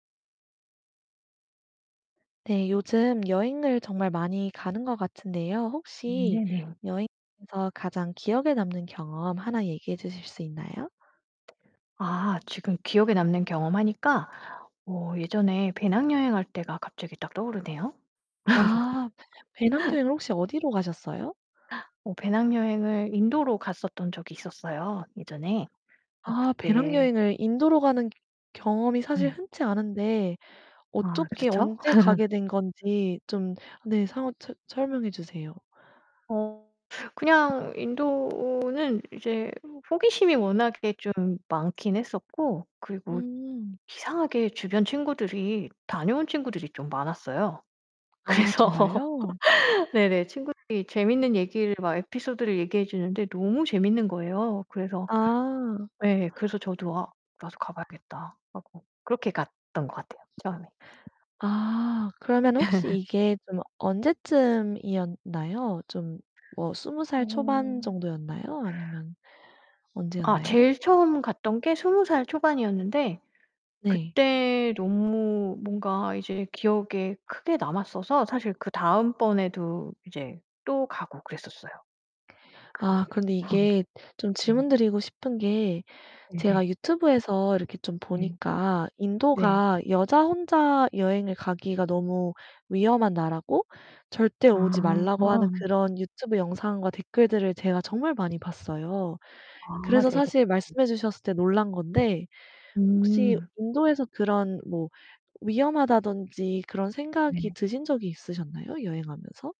네 요즘 여행을 정말 많이 가는 것 같은데요. 음 혹시 네네. 여행에서 가장 기억에 남는 경험 하나 얘기해 주실 수 있나요? 아 지금 기억에 남는 경험 하니까 어 예전에 배낭여행 할 때가 갑자기 딱 떠오르네요. 아 배낭여행을 혹시 어디로 가셨어요? 어 배낭 여행을 인도로 갔었던 적이 있었어요 예전에. 뭐 아 그때 배낭여행을 인도로 가는 경험이 사실 예. 흔치 않은데 아 어떻게 그렇쵸? 언제 가게 된 건지 좀 네 상황 설 설명해 주세요. 어 그냥 인도는 이제 호기심이 워낙에 좀 많긴 했었고 그리고 음. 이상하게 주변 친구들이 다녀온 친구들이 좀 많았어요. 아 그래서 정말요? 네네 친구들이 재밌는 얘기를 막 에피소드를 얘기해 주는데 너무 재밌는 거예요. 그래서 아. 예 그래서 저도 '아 나도 가봐야겠다.' 하고 그렇게 갔던 것 같아요 처음에. 아 그러면 혹시 이게 좀 언제쯤이었나요? 좀 뭐 20 살 초반 어. 정도였나요? 아니면 아 언제였나요? 제일 처음 갔던 게 20 살 초반이었는데 네. 그때 너무 뭔가 이제 기억에 크게 남았어서 사실 그 다음 번에도 이제 또 가고 그랬었어요. 아 그 그런데 방 이게 좀 네. 질문드리고 싶은 게 네네. 제가 유튜브에서 이렇게 좀 네. 보니까 네. 인도가 여자 혼자 여행을 가기가 너무 위험한 나라고 절대 아 오지 말라고 하는 아. 그런 유튜브 영상과 댓글들을 제가 정말 많이 봤어요. 아 그래서 네네. 사실 말씀해 주셨을 때 놀란 건데 혹시 음. 인도에서 그런 뭐 위험하다든지 그런 네네. 생각이 드신 적이 있으셨나요 여행하면서?